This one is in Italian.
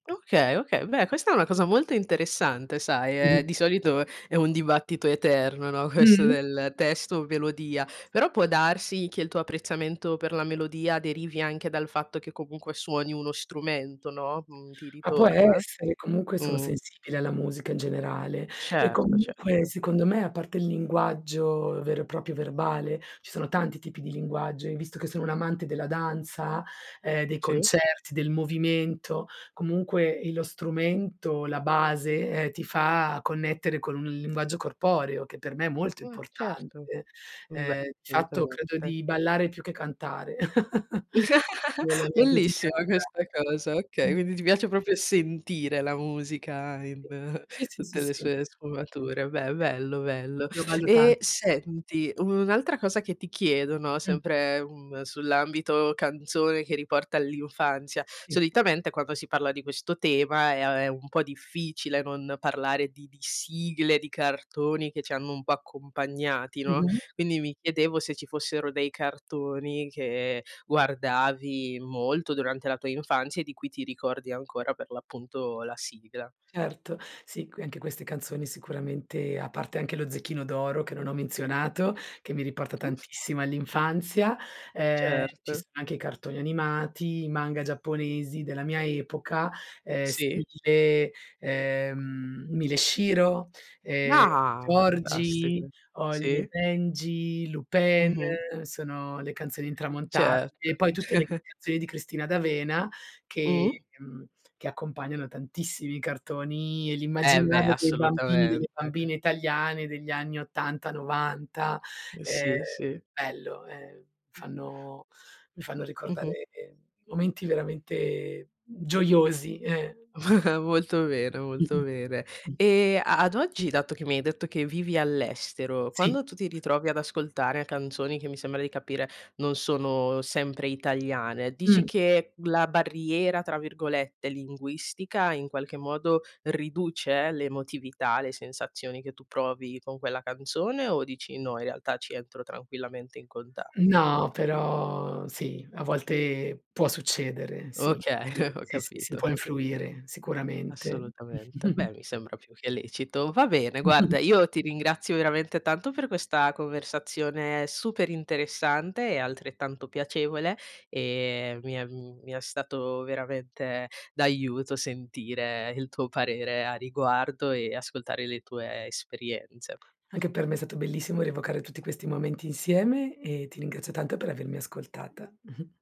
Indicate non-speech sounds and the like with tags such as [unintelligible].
Okay, okay, beh, questa è una cosa molto interessante sai, ehm, [unintelligible] di solito è un dibattito eterno, no, questo Mh-mh. del testo melodia, però può darsi che il tuo apprezzamento per la melodia derivi anche dal fatto che, comunque, suoni uno strumento, no, mhmm, ti Ma può ritorna? essere comunque sono Mh. sensibile alla musica in generale. E Certo, comunque, certo. secondo me, a parte il linguaggio, vero e proprio, verbale, ci sono tanti tipi di linguaggio e visto che sono un'amante della danza, ehm, dei Sì. concerti, del movimento, comunque, ehm, lo strumento, la base, ehm, ti fa connettere con un linguaggio corporeo, che per me è molto Ah certo. importante. Beh, Ehm, di fatto credo assolutamente. di ballare più che cantare, [laughs] nella [chuckles] mia quotidianità. Bellissima questa cosa, okay. Mh. Quindi ti piace proprio sentire la musica in Sì, sì, sì, tutte le sì. sue sfumature, beh, bello, bello. L'ho valuta E senti, un'altra cosa che ti chiedo, no, Mh. sempre, mhmm, sull'ambito canzone che riporta all'infanzia. Sì. Solitamente quando si parla di questo tema è, uhm, un po' difficile non parlare di di sigle, di cartoni che c'hanno un po' accompagnati, no, Mh-mh. quindi mi chiedevo se ci fossero dei cartoni che guardavi molto durante la tua infanzia e di cui ti ricordi ancora per, l'appunto, la sigla. Certo, sì, qui anche queste canzoni sicuramente, a parte anche lo zecchino d'oro che non ho menzionato, che mi riporta tantissimo all'infanzia, uhm, ci Certo. sono anche i cartoni animati, i manga giapponesi della mia epoca, ehm, Sì. stile, ehm, Mila e Shiro, ehm Ah! Fantastiche. Georgie, Holly e Sì. Benji, Lupin, Mh-mh. sono le canzoni intramontabili Certo. e poi tutte le [chuckles] canzoni di Cristina D'Avena che Mh. mhmm, che accompagnano tantissimi cartoni e Eh beh, l'immaginario dei bambini, assolutamente. delle bambine italiane degli anni 80, 90. Ehm, Sì, sì. bello, ehm, Mh. fanno mi fanno Mh-mh. ricordare momenti veramente gioiosi, eh. [chuckles] Molto bene, molto Mh-mh. bene. Mh. E a ad oggi dato che mi hai detto che vivi all'estero, Sì. quando tu ti ritrovi ad ascoltare canzoni, che mi sembra di capire non sono sempre italiane, dici Mh. che la "barriera" tra virgolette, linguistica, in qualche modo riduce l'emotività, le sensazioni che tu provi con quella canzone o dici: "No, in realtà ci entro tranquillamente in contatto"? No, però sì, a volte può succedere, sì, Okay, sì, [chuckles] ho sì, sì, sì capito, ho può capito. influire, sicuramente. Assolutamente. [chuckles] Beh, mi sembra più che lecito. Va bene, guarda, [chuckles] io ti ringrazio veramente tanto per questa conversazione super interessante e, altrettanto, piacevole e mi è mhmm, mi è stato veramente d'aiuto sentire il tuo parere a riguardo e ascoltare le tue esperienze. Anche per me è stato bellissimo rievocare tutti questi momenti insieme e ti ringrazio tanto per avermi ascoltata. [chuckles]